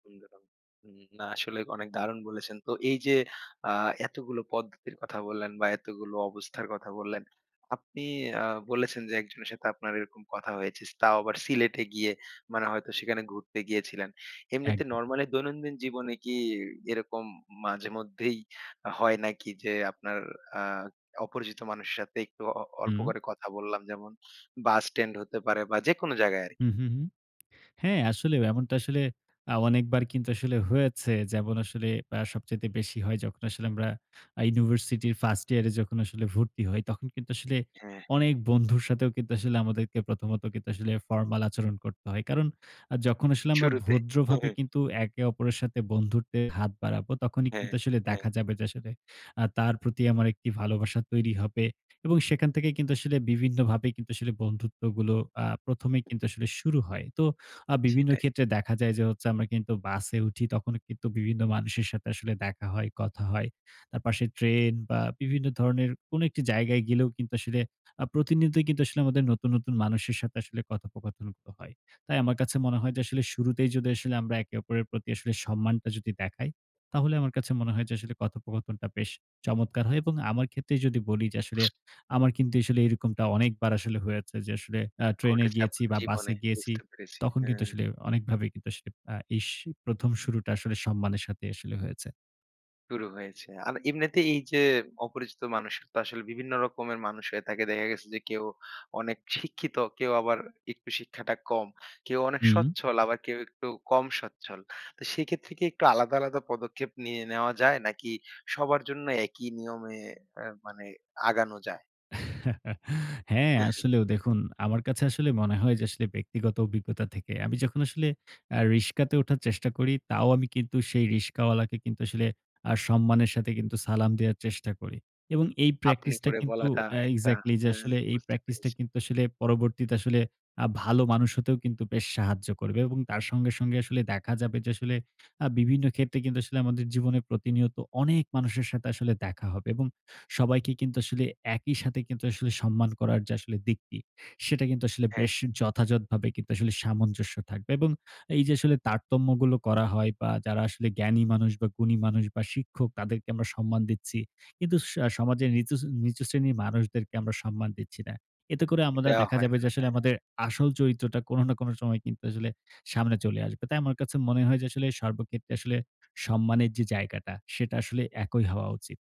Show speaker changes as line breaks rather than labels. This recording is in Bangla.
[unintelligible] উম না। আসলে অনেক দারুণ বলেছেন। তো এই যে, আ এতগুলো পদ্ধতির কথা বললেন বা এতগুলো অবস্থার কথা বললেন, আপনি আ বলেছেন যে, একজনের সাথে আপনার এরকম কথা হয়েছে। তাও আবার সিলেটে গিয়ে মানে হয়তো সেখানে ঘুরতে গিয়েছিলেন। এমনিতে
একদম।
নরমালি দৈনন্দিন জীবনে কি, এরকম মাঝে মধ্যেই হয় নাকি যে, আপনার আ অপরিচিত মানুষের সাথে একটু অ অল্প
হুম।
করে কথা বললাম যেমন বাস স্ট্যান্ড হতে পারে বা যেকোনো জায়গায় আরকি?
হু, হু, হুম। হ্যাঁ, আসলে এমনটা আসলে আ অনেকবার কিন্তু আসলে হয়েছে। যেমন আসলে আ সবচাইতে বেশি হয় যখন আসলে আমরা আ ইউনিভার্সিটি ফার্স্ট ইয়ার এ যখন আসলে ভর্তি হই তখন কিন্তু আসলে
হ্যাঁ, হ্যাঁ।
অনেক বন্ধুর সাথেও কিন্তু আসলে আমাদেরকে প্রথমত আসলে ফর্মাল আচরণ করতে হয়। কারণ আ যখন আসলে আমরা
শুরুতে। হু,
ভদ্রভাবে
হুম।
কিন্তু একে অপরের সাথে বন্ধুত্বের হাত বাড়াবো তখনই
হ্যাঁ,
কিন্তু আসলে
হ্যাঁ।
দেখা যাবে যে, আসলে আ তার প্রতি আমার একটি ভালবাসা তৈরি হবে। এবং সেখান থেকে কিন্তু আসলে বিভিন্নভাবে কিন্তু আসলে বন্ধুত্বগুলো আ ১ম এই কিন্তু আসলে শুরু হয়। তো আ বিভিন্ন
সেটাই।
ক্ষেত্রে দেখা যায় যে, হচ্ছে আমরা কিন্তু বাসে উঠি তখনও কিন্তু বিভিন্ন মানুষের সাথে আসলে দেখা হয়, কথা হয়। তার পাশে ট্রেন বা বিভিন্ন ধরনের কোন একটি জায়গায় গেলেও কিন্তু আসলে আ প্রতিনিয়ত কিন্তু আসলে আমাদের নতুন, নতুন, মানুষের সাথে আসলে কথোপকথনগুলো হয়। তাই আমার কাছে মনে হয় যে, আসলে শুরুতেই যদি আসলে আমরা একে অপরের প্রতি সম্মানটা যদি দেখাই, তাহলে আমার কাছে মনে হয় যে, আসলে কথোপকথনটা বেশ চমৎকার হয় এবং আমার ক্ষেত্রেই যদি বলি যে, আসলে। আমার কিন্তু আসলে এরকমটা অনেকবার আসলে হয়েছে যে, আসলে আ ট্রেনে
ঘটেছে
গিয়েছি
আপনার
বা বাসে
জীবনে,
গিয়েছি
বুঝতে পেরেছি।
তখন কিন্তু
হ্যাঁ।
আসলে অনেকভাবে আসলে আ এস ১ম শুরুটা আসলে সম্মানের সাথে আসলে হয়েছে।
শুরু হয়েছে। আর এমনিতে এই যে, অপরিচিত মানুষের আসলে বিভিন্ন রকমের মানুষ হয়ে থাকে। দেখা গেছে যে, কেউ অনেক শিক্ষিত, কেউ আবার একটু শিক্ষাটা কম। কেউ অনেক
হুম।
স্বচ্ছল, আবার কেউ একটু কম সচ্ছল। তো সেক্ষেত্রে কি একটু আলাদা, আলাদা, পদক্ষেপ নিয়ে নেওয়া যায়? নাকি সবার জন্য একই নিয়মে মানে আগানো যায়?
হ্যাঁ,
এহ, হ্যাঁ।
আসলেও দেখুন আমার কাছে আসলে মনে হয় যে, আসলে ব্যক্তিগত অভিজ্ঞতা থেকে। আমি যখন আসলে আ রিকশাতে ওঠার চেষ্টা করি, তাও আমি কিন্তু সেই রিকশাওয়ালা কে কিন্তু আসলে আ সম্মানের সাথে সালাম দেওয়ার চেষ্টা করি এবং এই
আপনি
প্র্যাকটিস টা
করে
কিন্তু
বলাটা
এ্যা
একটা
এক্সাক্টলি যে,
হ্যাঁ,
আসলে এই
বুঝতে
প্র্যাকটিস টা
পেরেছি।
কিন্তু আসলে পরবর্তীতে আসলে আ ভালো মানুষ হতেও কিন্তু বেশ সাহায্য করবে এবং তার সঙ্গে, সঙ্গে, আসলে দেখা যাবে যে, আসলে আ বিভিন্ন ক্ষেত্রে কিন্তু আসলে আমাদের জীবনে প্রতিনিয়ত অনেক মানুষের সাথে আসলে দেখা হবে এবং সবাইকে কিন্তু আসলে একই সাথে কিন্তু আসলে সম্মান করার দিকটি সেটা কিন্তু আসলে
হ্যাঁ।
যথাযথভাবে সামঞ্জস্য থাকবে। এবং এই যে, আসলে তারতম্যগুলো করা হয় বা যারা আসলে জ্ঞানী মানুষ বা গুণী মানুষ বা শিক্ষক তাদেরকে আমরা সম্মান দিচ্ছি। কিন্তু স সমাজের নিতুচ নিচু শ্রেণীর মানুষদেরকে আমরা সম্মান দিচ্ছি না। এতে করে আমাদের
এটা
দেখা
হয়
যাবে
না,
যে, আমাদের
হ্যাঁ।
আসল চরিত্রটা কোন না কোন সময় আসলে সামনে চলে আসবে। তাই আমার কাছে মনে হয় যে, আসলে সর্বক্ষেত্রে আসলে সম্মানের যে, জায়গাটা সেটা আসলে একই হওয়া উচিত।